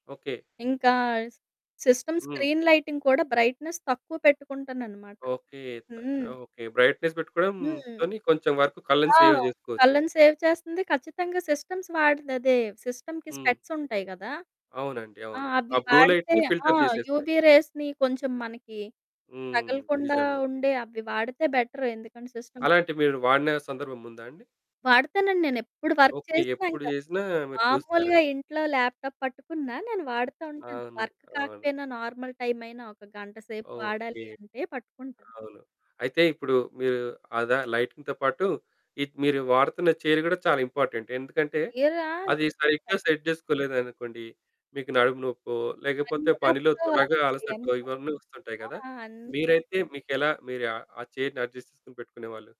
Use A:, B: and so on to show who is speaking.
A: Okay.
B: ఇంకా system
A: హ్మ్.
B: Screen lighting కూడా బ్రైట్నెస్ తక్కువ పెట్టుకుంటన్నమాట.
A: ఓకే,
B: హ్మ్.
A: ఓకే. బ్రైట్నెస్ పెట్టుకోవడం
B: హ్మ్.
A: కొంచెం వరకు కళ్లని
B: ఆ!
A: సేవ్ చేసుకోవచ్చు.
B: కళ్లను సేవ్ చేస్తుంది ఖచ్చితంగా. సిస్టమ్స్ వాడేదదే. సిస్టమ్‌కి
A: హ్మ్.
B: స్పెక్ట్స్ ఉంటాయి కదా.
A: అవునండి,
B: ఆ!
A: అవును.
B: అవి
A: ఆ బ్లూ
B: వాడితే
A: లైట్‌ని
B: ఆ!
A: ఫిల్టర్ చేసేస్తాయి.
B: యువీ రేస్‌ని కొంచెం మనకి
A: హ్మ్.
B: తగలకుండా
A: నిజమే.
B: ఉండే అవి వాడితే బెటర్. ఎందుకంటే సిస్టమ్
A: అలాంటివి మీరు వాడిన సందర్భం ఉందా అండి?
B: వాడతానండి. నేనెప్పుడు వర్క్
A: ఓకే.
B: చేసినా,
A: ఎప్పుడు
B: ఇంకా
A: చేసినా మీరు చూస్తారు.
B: మామూలుగా ఇంట్లో ల్యాప్టాప్ పట్టుకున్నా నేను వాడుతా ఉంటాను.
A: అవును,
B: వర్క్
A: అవును.
B: కాకపోయినా నార్మల్ టైమ్ అయినా ఒక గంట సేపు
A: ఓకే.
B: వాడాలి అంటే పట్టుకుంటాను.
A: అవును. అయితే ఇప్పుడు మీరు ఆదా లైటింగ్‌తో పాటు ఇ మీరు వాడుతున్న చైర్ కూడా చాలా ఇంపార్టెంట్. ఎందుకంటే
B: ఏరా
A: అది సరిగ్గా సెట్ చేసుకోలేదనుకోండి, మీకు నడుము నొప్పో, లేకపోతే
B: అన్ని
A: పనిలో
B: తప్పులు
A: త్వరగా
B: వస్తాయి.
A: అలసటో
B: అందుకే.
A: ఇవన్నీ వస్తుంటాయి కదా.
B: అవునా, అం
A: మీరైతే మీకెలా మీరు ఆ చైర్‌ని అడ్జస్ట్ చేసుకొని పెట్టుకునేవాళ్లు?